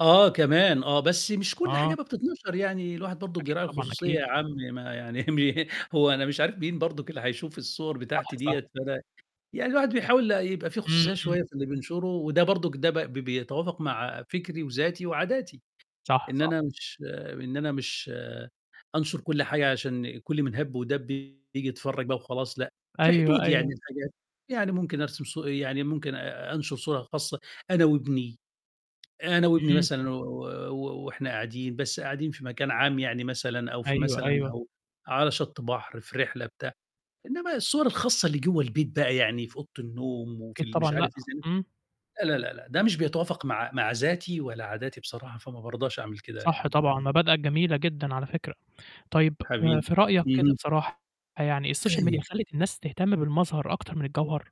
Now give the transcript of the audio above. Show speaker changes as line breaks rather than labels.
آه، كمان آه، بس مش كل حاجة
آه.
بقى بتتنشر، يعني الواحد برضه
أكيد
بيراعي
طبعًا،
الخصوصية
أكيد.
يا عَم ما يعني مه هو أنا مش عارف مين برضُك اللي هيشوف الصور
صح،
بتاعتي
صح.
دِيّة، فده يعني الواحد بيحاول يبقى في
إمم،
خصوصية
إمم.
شوية في اللي بينشره وده برضُك، ده ب ب بيتوافق مع فكري وذاتي وعاداتي،
صح،
إن
صح.
أنا مش إن أنا مش أنشُر كل حاجة عشان كل من هَب ودَب ييجي يتفرّج بقى وخلاص لأ، في
أيوه،
حدود يعني
أيوه.
لحاجات، يعني ممكن أرسم صو يعني ممكن أ أنشُر صورة خاصة أنا وابني، أنا وابني
اهم.
مثلًا و و و وإحنا قاعدين بس قاعدين في مكان عام يعني مثلًا أو في
أيوه،
مثلًا
أيوه.
أو على شَط بَحر، في رحلة بتاع، إنّما الصور الخاصة اللي جوّا البيت بقى يعني في أوضة النوم وفي
أكيد
ال
طبعًا
مش
لأ.
عارف إيه
إمم.
[unintelligible] لا، لا، لا، لأ، ده مش بيتوافق مع مع ذاتي ولا عاداتي بصراحة فما بارضاش أعمل كده
صح
يعني
طبعًا،
بأم
مبادئك جميلة جدًا على فكرة. طيب آآ
حبي
في رأيَك كده
اهم.
بصراحة يعني السوشيال ميديا
أيو
خلِّت الناس تهتم بالمظهر أكتر من الجوهر؟